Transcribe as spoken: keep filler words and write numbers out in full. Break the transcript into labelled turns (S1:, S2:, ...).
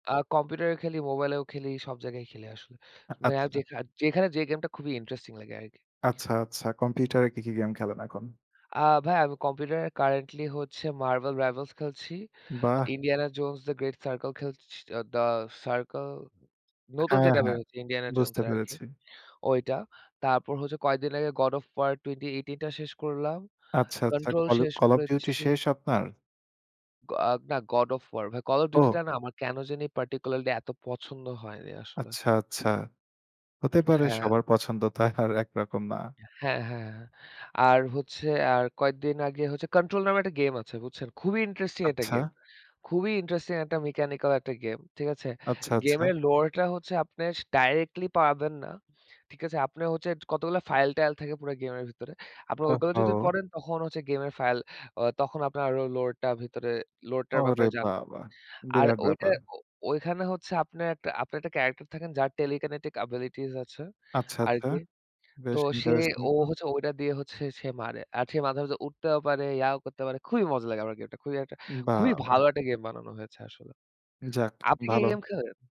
S1: আ কম্পিউটারেও খেলি, মোবাইলেও খেলি। সব জায়গায় খেলি আসলে।
S2: আ
S1: অ্যাউ
S2: আচ্ছা।
S1: যেখা যেখানে যে গেমটা খুবই ইন্টারেস্টিং লাগে আরকি।
S2: আচ্ছা, আচ্ছা। কম্পিউটারে কি, কি গেম খেলেন এখন?
S1: আ ভাই আমি কম্পিউটারে কারেন্টলি হচ্ছে 'Marvel Rivals' খেলছি।
S2: বাহ!
S1: 'Indiana Jones and the Great Circle' খেলছি। 'The Circle' নতুন
S2: হ্যাঁ,
S1: যেটা বের
S2: হ্যাঁ,
S1: হচ্ছে 'Indiana Jones'
S2: বুঝতে
S1: এর আরকি।
S2: পেরেছি।
S1: ওইটা। তারপর হচ্ছে কয়েকদিন আগে 'God of War' twenty eighteen টা শেষ করলাম।
S2: আচ্ছা, আচ্ছা।
S1: 'কন্ট্রোল'
S2: কল অপ
S1: শেষ
S2: 'Call of Duty'
S1: করেছি।
S2: শেষ আপনার?
S1: গ না 'God of War' ভাই। 'Call of Duty'
S2: ও।
S1: টা না আমার কেনো জানি particularly এত পছন্দ হয়নি আসলে।
S2: আচ্ছা, আচ্ছা। হতে পারে।
S1: হ্যাঁ।
S2: সবার পছন্দ তো আর একরকম না।
S1: হ্যাঁ, হ্যাঁ। আর হচ্ছে আর কয়েকদিন আগে হচ্ছে 'কন্ট্রোল' নামে একটা গেম আছে। বুঝছেন। খুবই ইন্টারেস্টিং একটা
S2: আচ্ছা।
S1: গেম। খুবই ইন্টারেস্টিং একটা মেকানিক্যাল একটা গেম। ঠিক আছে?
S2: আচ্ছা, আচ্ছা।
S1: গেমের লোয়ারটা হচ্ছে আপনে সা ডাইরেক্টলি পারবেন না। ঠিক আছে? আপনে হচ্ছে কতগুলা ফাইল-টাইল থাকে পুরা গেমের ভিতরে। আপনি ওইগুলা যদি
S2: ওহহো!
S1: পড়েন তখন হচ্ছে গেমের ফাইল অ তখন আপনার আরো লোটা ভিতরে লোরটার
S2: ওরে
S1: ব্যাপারে জানবেন।
S2: বাবা,
S1: আর
S2: বিরাট
S1: ওইটা
S2: ব্যাপার!
S1: ও ওইখানে হচ্ছে আপনার একটা আপনার একটা ক্যারেক্টার থাকেন যার telekinetic abilities আছে
S2: আচ্ছা, আচ্ছা।
S1: আরকি। তো
S2: বেশ
S1: সে
S2: ইন্টারেস্টিং
S1: ও
S2: তো।
S1: হচ্ছে ওইটা দিয়ে হচ্ছে সে মারে। আর সে মাঝে, মাঝে উঠতেও পারে, ইয়াও করতে পারে। খুবই মজা লাগে আমার গেমটা। খুব একটা খুবই
S2: বাবা!
S1: ভালো একটা গেম বানানো হয়েছে আসলে।
S2: যাক
S1: আপনি কি এ
S2: ভালো।
S1: গেম খেলেন?